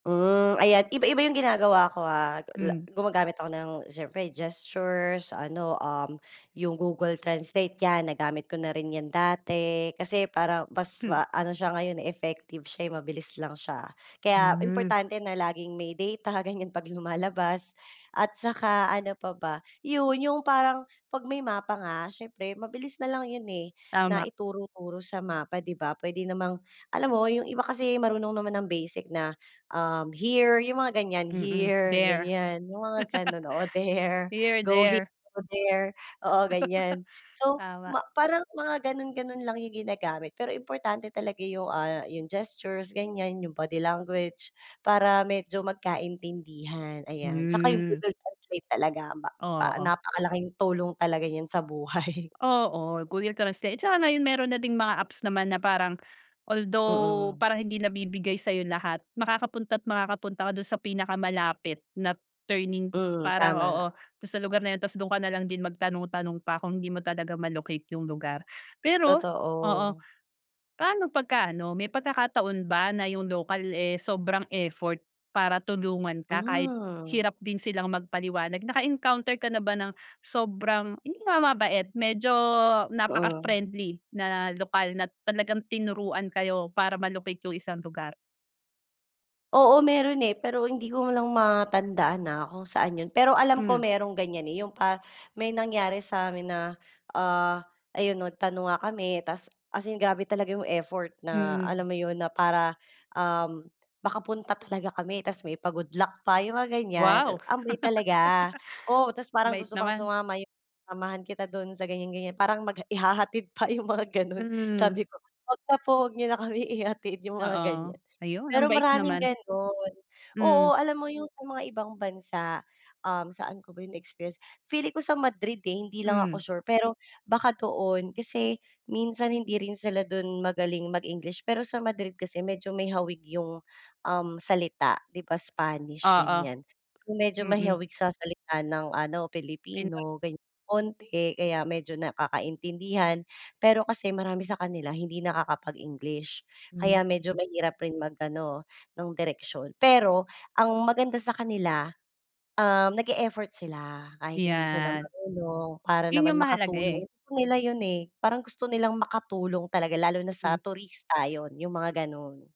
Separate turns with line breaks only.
Hmm. Ayan, iba-iba yung ginagawa ko, ah. La
Hmm.
Gumagamit ako ng siyempre gestures, ano, um, yung Google Translate, yan, nagamit ko na rin yan dati. Kasi parang mas
Hmm.
maano siya ngayon eh, effective siya, mabilis lang siya. Kaya
Mm.
importante na laging may data, ganiyan, 'pag lumalabas at saka ano pa ba? Yun, yung parang 'pag may mapa nga, siyempre mabilis na lang yun eh na
Tama.
ituro-turo sa mapa, 'di ba? Puwede namang alam mo yung iba kasi marunong naman ng basic na, um, here, yung mga ganiyan,
Mm.
here,
There.
ganiyan, yung mga ganun, oo, there,
Here,
go here,
there.
or there, oo, ganiyan. So,
Tama.
parang mga gano'n-gano'n lang yung ginagamit. Pero importante talaga yung, ah, yung gestures, ganiyan, yung body language para medyo magkaintindihan, ayan. Tsaka yung
Hmm.
Google Translate talaga
Oo.
napakalaking tulong niyan talaga sa buhay.
Oo, Google Translate. Tsaka ngayon meron na ding mga apps naman na parang although
Mm.
parang hindi nabibigay sa'yo lahat, makakapunta at makakapunta ka dun sa pinakamalapit na turning,
Hmm.
parang, oo,
Tama.
dun sa lugar na yun. Tapos dun ka nalang din magtanong-tanong pa kung hindi mo talaga ma-locate yung lugar. Pero oo.
Totoo.
Paano pagka ano, may pagkakataon ba na yung local eh, sobrang effort para tulungan ka kahit
Hmm.
hirap din silang magpaliwanag? Naka-encounter ka na ba ng sobrang, yun nga, mabait, medyo
Mm.
napaka-friendly na lokal na talagang tinuruan kayo para ma-locate yung isang lugar?
Oo, meron eh. Pero hindi ko lang matandaan ha kung saan yun. Pero alam ko
Hmm.
merong ganiyan eh, yung pa may nangyari sa'min na, ah, ayun, 'no, nagtanong nga kami tapos as in grabe talaga yung effort na,
Hmm.
alam mo yun, na para, um, makapunta talaga kami. Tapos may pa-good luck pa, yung mga ganiyan.
Wow.
Ang weird talaga, oo, tapos parang
Mabait
gusto pang
naman.
sumama, "samahan kita dun sa ganiyan-ganiyan," parang mag ihahatid pa, yung mga gano'n.
Mhm.
Sabi ko "'Wag na po, 'wag niyo na kami ihatid." yung mga
Oo,
ganiyan.
ayun, ang
Pero
bait
maraming
naman.
ganun,
Hmm.
oo. Alam mo yung sa mga ibang bansa, um, saan ko ba yun na-experience, feeling ko sa Madrid eh, hindi lang ako
Hmm.
sure. Pero baka doon kasi minsan hindi rin sila dun magaling mag-English. Pero sa Madrid kasi medyo may hawig yung, um, salita, 'di ba, Spanish,
Oo.
ganiyan. Medyo may
Mm.
hawig sa salita ng ano,
Pinoy.
Pilipino, ganiyan, konte, kaya medyo nagkakaintindihan. Pero kasi marami sa kanila hindi nakakapag-English
Mm.
kaya medyo mahirap rin mag-ano nung direksyon. Pero ang maganda sa kanila, ah, nag-e-effort sila kahit hindi sila
Yan.
marunong para
Yun nga
naman
mahalaga
makatulong.
eh.
Gusto nila yun eh, parang gusto nilang makatulong talaga lalo na sa
Hmm.
turista yun, yung mga ganun.